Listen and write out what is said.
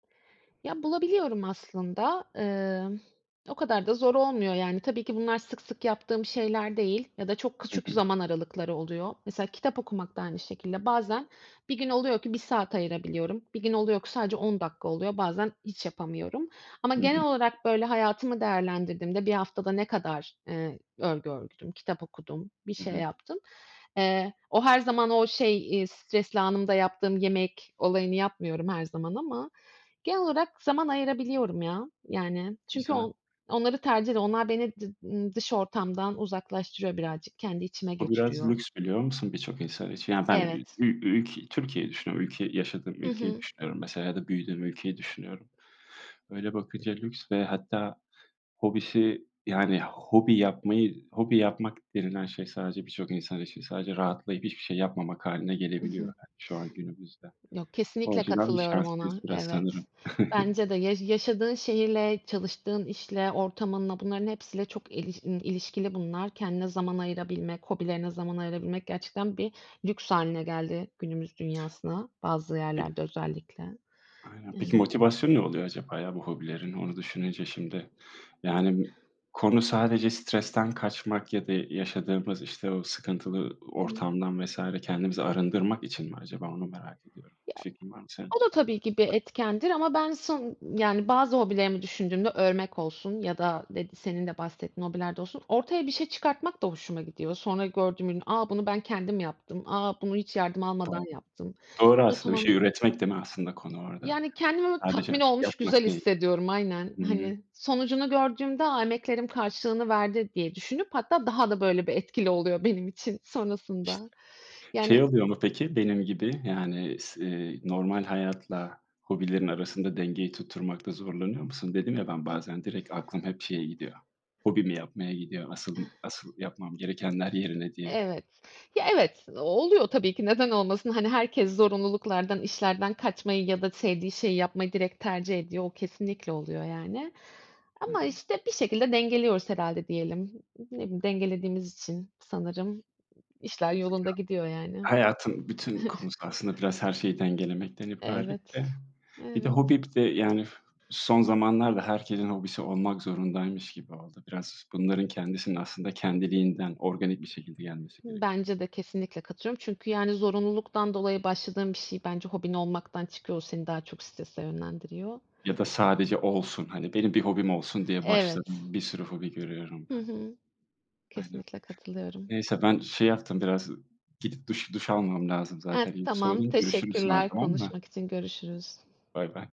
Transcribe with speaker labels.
Speaker 1: Ya, bulabiliyorum aslında. Emm, o kadar da zor olmuyor yani. Tabii ki bunlar sık sık yaptığım şeyler değil ya da çok
Speaker 2: Hı
Speaker 1: küçük
Speaker 2: hı.
Speaker 1: zaman aralıkları oluyor. Mesela kitap okumak da aynı şekilde. Bazen bir gün oluyor ki 1 saat ayırabiliyorum, bir gün oluyor ki sadece 10 dakika oluyor, bazen hiç yapamıyorum. Ama
Speaker 2: Hı hı.
Speaker 1: genel olarak, böyle, hayatımı değerlendirdiğimde 1 haftada ne kadar, eee, örgü ördüm, kitap okudum, bir
Speaker 2: Hı
Speaker 1: şey
Speaker 2: hı.
Speaker 1: yaptım... Eee, o her zaman o şey, eee, stresli anımda yaptığım yemek olayını yapmıyorum her zaman ama genel olarak zaman ayırabiliyorum ya. Yani çünkü
Speaker 2: Güzel.
Speaker 1: on onları tercih ediyorum. Onlar beni dı ııı, dış ortamdan uzaklaştırıyor birazcık, kendi içime
Speaker 2: Bu biraz
Speaker 1: götürüyor.
Speaker 2: lüks, biliyor musun birçok insan için. Yani ben ü
Speaker 1: Evet.
Speaker 2: ü ülkeyi Türkiye'yi düşünüyorum, ülkeyi yaşadığım
Speaker 1: Hı
Speaker 2: ülkeyi
Speaker 1: hı.
Speaker 2: düşünüyorum mesela ya da büyüdüğüm ülkeyi düşünüyorum. Öyle bakınca lüks ve hatta hobisi yani hobi yapmayı hobi yapmak denilen şey sadece birçok insan için sadece rahatlayıp hiçbir şey yapmamak hâline
Speaker 1: Hı
Speaker 2: gelebiliyor
Speaker 1: hı.
Speaker 2: şu an günümüzde.
Speaker 1: Yok,
Speaker 2: O
Speaker 1: kesinlikle
Speaker 2: açıdan biz
Speaker 1: katılıyorum
Speaker 2: şanslıyız
Speaker 1: ona.
Speaker 2: biraz
Speaker 1: Evet,
Speaker 2: sanırım.
Speaker 1: bence de ya yaşadığın şehirle, çalıştığın işle, ortamınla, bunların hepsiyle çok iliş i ilişkili bunlar. Kendine zaman ayırabilmek, hobilerine zaman ayırabilmek gerçekten bir lüks hâline geldi günümüz dünyasına. Bazı
Speaker 2: Bi
Speaker 1: yerlerde özellikle.
Speaker 2: Aynen. Peki
Speaker 1: Yani.
Speaker 2: motivasyonu ne oluyor acaba ya bu hobilerin, onu düşününce şimdi? Yani konu sadece stresten kaçmak ya da yaşadığımız, işte, o sıkıntılı
Speaker 1: Hı hı.
Speaker 2: ortamdan vs. kendimizi arındırmak için mi acaba onu merak ediyorum?
Speaker 1: Ya
Speaker 2: Bir fikrin var mı senin?
Speaker 1: O da tabii ki bir etkendir ama ben son ııı, yani bazı hobilerimi düşündüğümde, örmek olsun ya da d senin de bahsettiğin hobilerde olsun, ortaya bir şey çıkartmak da hoşuma gidiyor. Sonra gördüğüm ürün, "A, bunu ben kendim yaptım. A, bunu hiç yardım almadan
Speaker 2: Doğru.
Speaker 1: yaptım."
Speaker 2: Doğru aslında. Bir şey
Speaker 1: [unintelligible]
Speaker 2: üretmek, değil mi aslında konu orada?
Speaker 1: Yani kendimi böyle tatmin
Speaker 2: Sadece
Speaker 1: olmuş, güzel
Speaker 2: yapmak değil.
Speaker 1: hissediyorum. Aynen.
Speaker 2: Hı hı.
Speaker 1: Hani, sonucunu gördüğümde, "A, emeklerim karşılığını verdi." diye düşünüp hatta daha da böyle bir etkili oluyor benim için sonrasında. Yani
Speaker 2: Şey oluyor mu peki benim gibi? Yani s eee, normal hayatla hobilerin arasında dengeyi tutturmakta zorlanıyor musun? Dedim ya, ben
Speaker 1: İ
Speaker 2: bazen direkt aklım hep şeye gidiyor, hobimi yapmaya gidiyor. Asıl
Speaker 1: Ih.
Speaker 2: asıl yapmam gerekenler yerine diye.
Speaker 1: Evet. Ya, evet, o oluyor tabii ki. Neden olmasın? Hani, herkes zorunluluklardan, işlerden kaçmayı ya da sevdiği şeyi yapmayı direkt tercih ediyor. O kesinlikle oluyor yani.
Speaker 2: Hı
Speaker 1: Ama,
Speaker 2: hı.
Speaker 1: işte, bir şekilde dengeliyoruz herhâlde diyelim. Ne bileyim, dengelediğimiz için sanırım işler yolunda gidiyor
Speaker 2: [unintelligible]
Speaker 1: yani.
Speaker 2: Hayatın bütün konusu aslında biraz her şeyi dengelemekten ibaret de...
Speaker 1: Evet,
Speaker 2: Bir de
Speaker 1: evet.
Speaker 2: hobi bir de yani son zamanlarda herkesin hobisi olmak zorundaymış gibi oldu biraz. Bunların kendisinin aslında kendiliğinden, organik bir şekilde gelmesi
Speaker 1: Hı,
Speaker 2: gerekir.
Speaker 1: bence de. Kesinlikle katılıyorum çünkü, yani, zorunluluktan dolayı başladığın bir şey bence hobin olmaktan çıkıyor. O seni daha çok strese yönlendiriyor.
Speaker 2: Ya da sadece olsun, hani "Benim bir hobim olsun." diye
Speaker 1: Evet.
Speaker 2: başladığın bir sürü hobi görüyorum
Speaker 1: Hı
Speaker 2: ben.
Speaker 1: hı.
Speaker 2: Aynen.
Speaker 1: Kesinlikle katılıyorum.
Speaker 2: Neyse, ben şey yaptım biraz gidip duş duş almam lazım
Speaker 1: E
Speaker 2: zaten. İyi ki
Speaker 1: tamam.
Speaker 2: sordun. Görüşürüz sonra,
Speaker 1: Teşekkürler
Speaker 2: tamam mı?
Speaker 1: konuşmak için. Görüşürüz.
Speaker 2: Baybay.